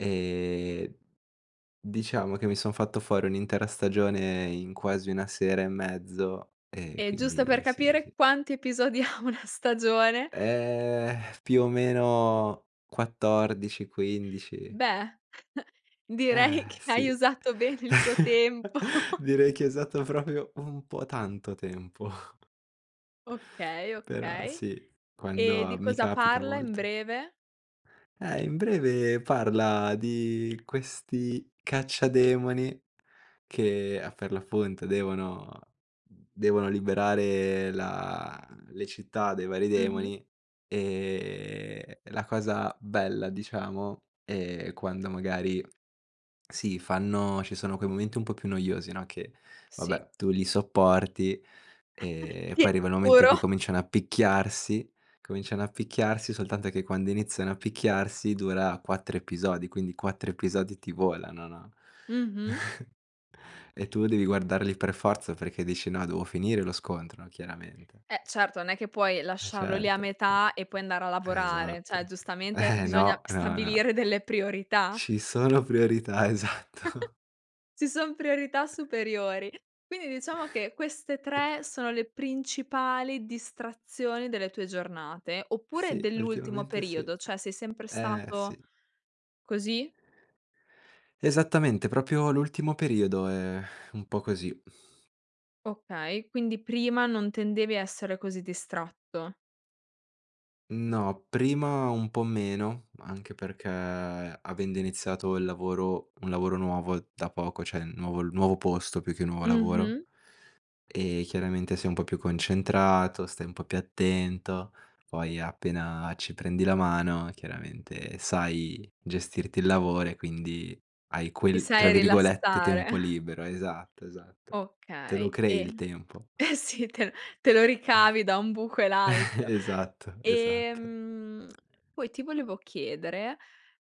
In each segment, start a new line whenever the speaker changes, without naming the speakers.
Ehm, diciamo che mi son fatto fuori un'intera stagione in quasi 1 sera e mezzo, ehm,
E, giusto per
quindi sì,
capire,
sì.
quanti episodi ha una stagione?
Eh, più o meno 14, 15.
Beh,
Eh
direi che hai
sì,
usato bene il tuo tempo.
direi che è stato proprio un po' tanto tempo.
Okay,
Però
okay.
sì,
E
quando
di
mi
cosa
capita a
parla in
volte.
breve?
Eh, in breve parla di questi cacciademoni che a Ferlafonte devono devono liberare la le città dai vari
Mh-mh.
demoni, e la cosa bella, diciamo, è quando magari si fanno ci sono quei momenti un po' più noiosi, no, che
Sì.
vabbè, tu li sopporti, ehm, e
Ti
poi arrivano i momenti in
assicuro.
cui cominciano a picchiarsi. Cominciano a picchiarsi, soltanto che quando iniziano a picchiarsi dura 4 episodi, quindi 4 episodi ti volano, no,
Mh-mh.
e tu devi guardarli per forza perché dici: "No, devo finire lo scontro chiaramente."
Eh certo, non è che puoi
Eh
lasciarlo lì a
certo, eh.
metà e poi andare a
Eh,
lavorare, cioè,
esatto.
giustamente
Eh
bisogna
no! Eh no, eh no.
stabilire delle priorità.
Ci sono priorità, esatto.
Ci son priorità superiori. Quindi diciamo che queste 3 sono le principali distrazioni delle tue giornate oppure
Sì,
dell'ultimo
ultimamente sì.
periodo? Cioè, sei sempre
Eh,
stato
sì.
così?
Esattamente, proprio l'ultimo periodo è un po' così.
Okay, quindi prima non tendevi a essere così distratto.
No, prima un po' meno, anche perché avendo iniziato il lavoro un lavoro nuovo da poco, cioè, nuovo il nuovo posto più che nuovo lavoro,
Mh-mh.
ehm, chiaramente sei un po' più concentrato, stai un po' più attento, poi appena ci prendi la mano chiaramente sai gestirti il lavoro e quindi hai
Ti
quel, tra
sai
virgolette, "tempo
rilassare.
libero". Esatto, esatto. Te lo
Okay,
crei il
e
tempo.
sì, te te lo ricavi da un buco e l'altro.
Esatto, esatto.
Ehm, poi ti volevo chiedere,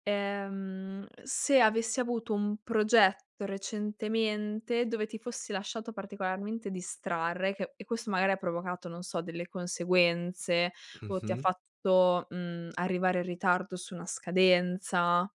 ehm, se avessi avuto un progetto recentemente dove ti fossi lasciato particolarmente distrarre e che e questo magari ha provocato, non so, delle conseguenze o ti ha
Mh-mh.
fatto, mhmm, arrivare in ritardo su una scadenza.